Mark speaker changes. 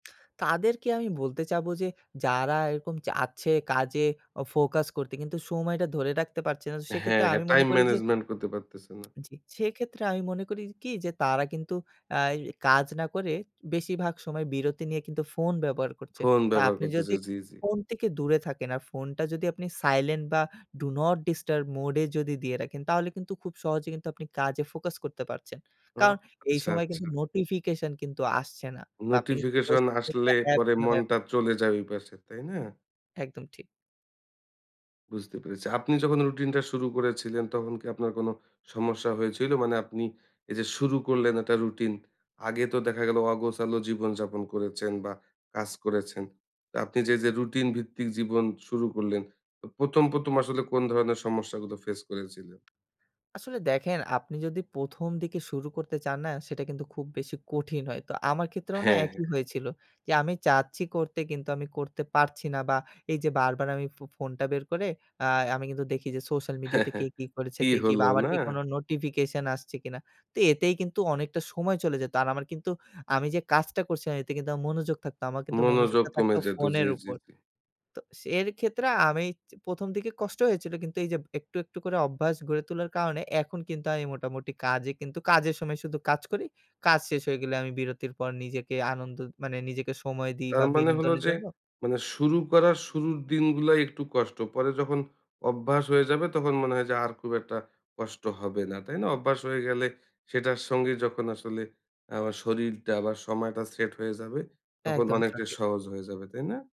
Speaker 1: তাদেরকে আমি বলতে চাবো যে, যারা এরকম চাচ্ছে কাজে ও ফোকাস করতে কিন্তু সময়টা ধরে রাখতে পারছে না
Speaker 2: হ্যাঁ,
Speaker 1: সেক্ষেত্রে
Speaker 2: হ্যাঁ
Speaker 1: আমি
Speaker 2: টাইম
Speaker 1: মনে করি যে
Speaker 2: ম্যানেজমেন্ট করতে পারতেছেন না।
Speaker 1: জি সেক্ষেত্রে আমি মনে করি কি যে তারা কিন্তু আয় কাজ না করে বেশিরভাগ সময় বিরতি নিয়ে কিন্তু ফোন ব্যবহার করছে।
Speaker 2: ফোন
Speaker 1: তা
Speaker 2: ব্যবহার
Speaker 1: আপনি যদি
Speaker 2: করতেছে জি, জি।
Speaker 1: ফোন থেকে দূরে থাকেন। আর ফোনটা যদি আপনি সাইলেন্ট বা do not disturb mode এ যদি দিয়ে রাখেন তাহলে কিন্তু খুব সহজে কিন্তু আপনি কাজে ফোকাস করতে পারছেন।
Speaker 2: ও
Speaker 1: কারণ এই
Speaker 2: আচ্ছা,
Speaker 1: সময় কিন্তু
Speaker 2: আচ্ছা।
Speaker 1: নোটিফিকেশন কিন্তু আসছে না। তা আপনি কিন্তু
Speaker 2: নোটিফিকেশন
Speaker 1: সোশ্যাল
Speaker 2: আসলে
Speaker 1: মিডিয়া অ্যাপ।
Speaker 2: পরে মনটা
Speaker 1: [unintelligible]
Speaker 2: চলে যায় ঐপাশে, তাই না?
Speaker 1: একদম ঠিক।
Speaker 2: বুঝতে পেরেছি। আপনি যখন রুটিনটা শুরু করেছিলেন, তখন কি আপনার কোন সমস্যা হয়েছিল? মানে আপনি এই যে শুরু করলেন একটা রুটিন। আগে তো দেখা গেল অগোছালো জীবনযাপন করেছেন বা কাজ করেছেন। তো আপনি যে, যে, রুটিন ভিত্তিক জীবন শুরু করলেন, ও ১ম, ১ম আসলে কোন ধরনের সমস্যাগুলো ফেস করেছিলেন?
Speaker 1: আসলে দেখেন আপনি যদি ১ম দিকে শুরু করতে চান না সেটা কিন্তু খুব বেশি কঠিন হয়। তো আমার ক্ষেত্রেও না
Speaker 2: হ্যাঁ, হ্যাঁ,
Speaker 1: একই
Speaker 2: হ্যাঁ।
Speaker 1: হয়েছিল। যে আমি চাচ্ছি করতে কিন্তু আমি করতে পারছি না। বা এই যে বারবার আমি ফো ফোনটা বের করে আ আমি কিন্তু আ দেখি যে সোশ্যাল মিডিয়াতে কে কি করেছে
Speaker 2: কি
Speaker 1: দেখি বা
Speaker 2: হলো
Speaker 1: আমার
Speaker 2: না?
Speaker 1: কি কোনো নোটিফিকেশন আসছে কিনা? তো এতেই কিন্তু অনেকটা সময় চলে যেত। আর আমার কিন্তু আমি যে কাজটা করছিলাম এতে কিন্তু আমার মনোযোগ থাকতো, আমার কিন্তু
Speaker 2: মনোযোগ
Speaker 1: মনোযোগটা
Speaker 2: কমে
Speaker 1: থাকতো
Speaker 2: যেত জি,
Speaker 1: ফোনের
Speaker 2: জি,
Speaker 1: উপর।
Speaker 2: জি।
Speaker 1: তো সে এর ক্ষেত্রে আমি ১ম দিকে কষ্ট হয়েছিল। কিন্তু এই যে একটু, একটু, করে অভ্যাস গড়ে তোলার কারণে এখন কিন্তু আমি মোটামুটি কাজে কিন্তু, কাজের সময় শুধু কাজ করি। কাজ শেষ হয়ে গেলে আমি বিরতির পর নিজেকে আনন্দ, মানে নিজেকে সময় দিই
Speaker 2: তার
Speaker 1: বা
Speaker 2: মানে হলো
Speaker 1: বিনোদনের
Speaker 2: যে,
Speaker 1: জন্য
Speaker 2: মানে শুরু করার শুরুর দিনগুলায় একটু কষ্ট। পরে যখন অভ্যাস হয়ে যাবে তখন মনে হয় যে আর খুব একটা কষ্ট হবে না। তাই না? অভ্যাস হয়ে গেলে সেটার সঙ্গে যখন আসলে আবা শরীরটা আবার সময়টা সেট হয়ে যাবে তখন
Speaker 1: একদম
Speaker 2: অনেকটাই
Speaker 1: সঠিক।
Speaker 2: সহজ হয়ে যাবে। তাই না?